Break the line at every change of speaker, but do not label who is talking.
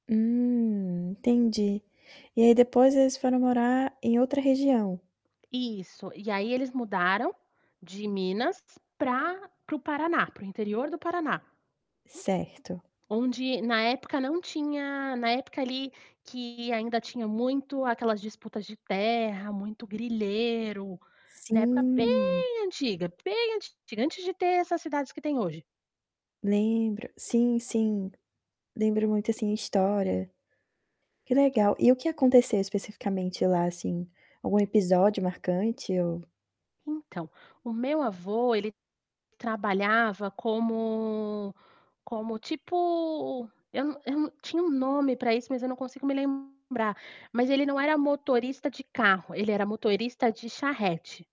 Hum, entendi. E aí depois eles foram morar em outra região?
Isso, e aí eles mudaram, de Minas para para o Paraná, para o interior do Paraná.
Certo.
Onde na época não tinha na época ali que ainda tinha muito aquelas disputas de terra, muito grileiro, na época
Sim.
bem antiga, bem antiga, antes de ter essas cidades que tem hoje.
Lembro. Sim, sim, lembro muito assim a história. Que legal, e o que aconteceu especificamente lá assim? Algum episódio marcante ou
Então, o meu avô ele trabalhava como como tipo, eu não eu não tinha um nome para isso, mas eu não consigo me lembrar, mas ele não era motorista de carro, ele era motorista de charrete.